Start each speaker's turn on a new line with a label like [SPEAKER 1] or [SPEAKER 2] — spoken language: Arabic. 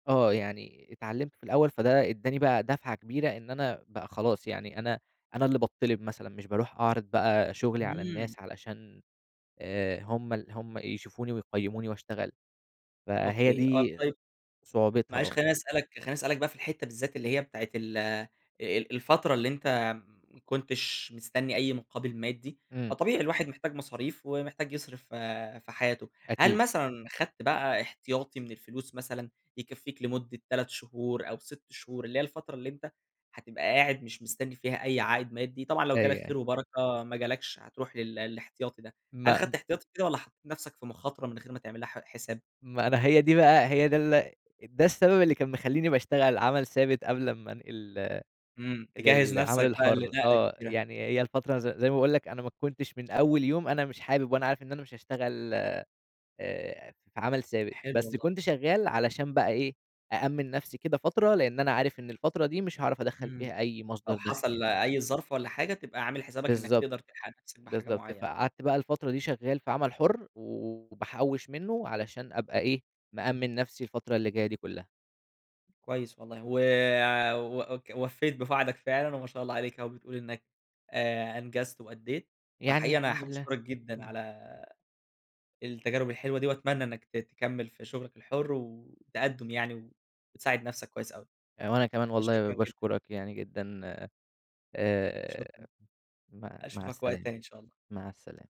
[SPEAKER 1] آه، يعني اتعلّمت في الأول فده ادّاني بقى دفعة كبيرة، إن أنا بقى خلاص يعني أنا أنا اللي باتطّلب مثلًا، مش باروح أعرض بقى شغلي على
[SPEAKER 2] إمم.
[SPEAKER 1] الناس علشان آآ، هم ال هم يشوفوني ويقيّموني وأشتغل. فهي
[SPEAKER 2] أوكي، آه،
[SPEAKER 1] دي
[SPEAKER 2] طيب
[SPEAKER 1] صعوبتها،
[SPEAKER 2] معلش
[SPEAKER 1] آه.
[SPEAKER 2] خليني أسألك خليني أسألك بقى في الحتة بالذات اللي هي بتاعة ال آآ، الفترة اللي أنت ما كنتش مستني أي مقابل مادي،
[SPEAKER 1] إمم.
[SPEAKER 2] فطبيعي الواحد محتاج مصاريف، ومحتاج يصرف ف في حياته، هل
[SPEAKER 1] أكيد.
[SPEAKER 2] مثلًا خدت بقى إحتياطي من الفلوس مثلًا، يكفّيك لمدة 3 شهور أو 6 شهور اللي هي الفترة اللي أنت هتبقى قاعد مش مستني فيها أي عائد مادي، طبعًا لو
[SPEAKER 1] أيوه،
[SPEAKER 2] جالك
[SPEAKER 1] أيوه.
[SPEAKER 2] خير وبركة، ما جالكش، هتروح لل الإحتياطي ده، هل
[SPEAKER 1] ما
[SPEAKER 2] خدت إحتياطي كده، والَّا حطيت نفسك في مخاطرة من غير ما تعملها ح حساب؟
[SPEAKER 1] ما أنا هي دي بقى هي ده ال ده السبب اللي كان مخلّيني باشتغل عمل ثابت قبل أمّا أنقل
[SPEAKER 2] إمم، تجهّز
[SPEAKER 1] للعمل
[SPEAKER 2] نفسك بقى
[SPEAKER 1] الحُرّ،
[SPEAKER 2] لنقلة
[SPEAKER 1] آه،
[SPEAKER 2] كبيرة.
[SPEAKER 1] يعني هي الفترة ز زي ما باقول لك، أنا ما كنتش من أول يوم أنا مش حابب وأنا عارف إن أنا مش هاشتغل آآ، آآ، في عمل ثابت،
[SPEAKER 2] حلو
[SPEAKER 1] بس
[SPEAKER 2] والله.
[SPEAKER 1] كنت شغال علشان بقى إيه، أأمّن نفسي كده فترة، لإن أنا عارف إن الفترة دي مش هاعرف أدخّل
[SPEAKER 2] إمم،
[SPEAKER 1] فيها أي مصدر
[SPEAKER 2] لو
[SPEAKER 1] دخل يعني.
[SPEAKER 2] حصل أي ظرف والَّا حاجة تبقى عامل حسابك إنّك
[SPEAKER 1] بالضبط،
[SPEAKER 2] تقدر تلحق نفسك بحاجة
[SPEAKER 1] بالضبط،
[SPEAKER 2] معينة.
[SPEAKER 1] فقعدت بقى الفترة دي شغّال في عمل حُرّ و وباحوِّش منه علشان أبقى إيه، مأمِّن نفسي الفترة اللي جاية دي كلّها.
[SPEAKER 2] كويس والله، و وك ووفّيت بوعدك فعلًا، وما شاء الله عليك أهو، بتقول إنّك آآ، أنجزت وأدّيت،
[SPEAKER 1] يعني
[SPEAKER 2] فحقيقي أنا
[SPEAKER 1] الحمد
[SPEAKER 2] حابب
[SPEAKER 1] لله،
[SPEAKER 2] أشكرك جدًا
[SPEAKER 1] إمم.
[SPEAKER 2] على التجارب الحلوة دي، وأتمنى إنّك ت تكمّل في شغلك الحُرّ، والتقدُّم يعني وتساعد نفسك كويس أوي،
[SPEAKER 1] آآ، وأنا كمان والله
[SPEAKER 2] شكرًا جدًا.
[SPEAKER 1] باشكرك يعني جدًا، آآ،
[SPEAKER 2] شكرًا،
[SPEAKER 1] مع مع
[SPEAKER 2] أشوفك وقت
[SPEAKER 1] السلامة
[SPEAKER 2] تاني إن شاء الله.
[SPEAKER 1] مع السلامة.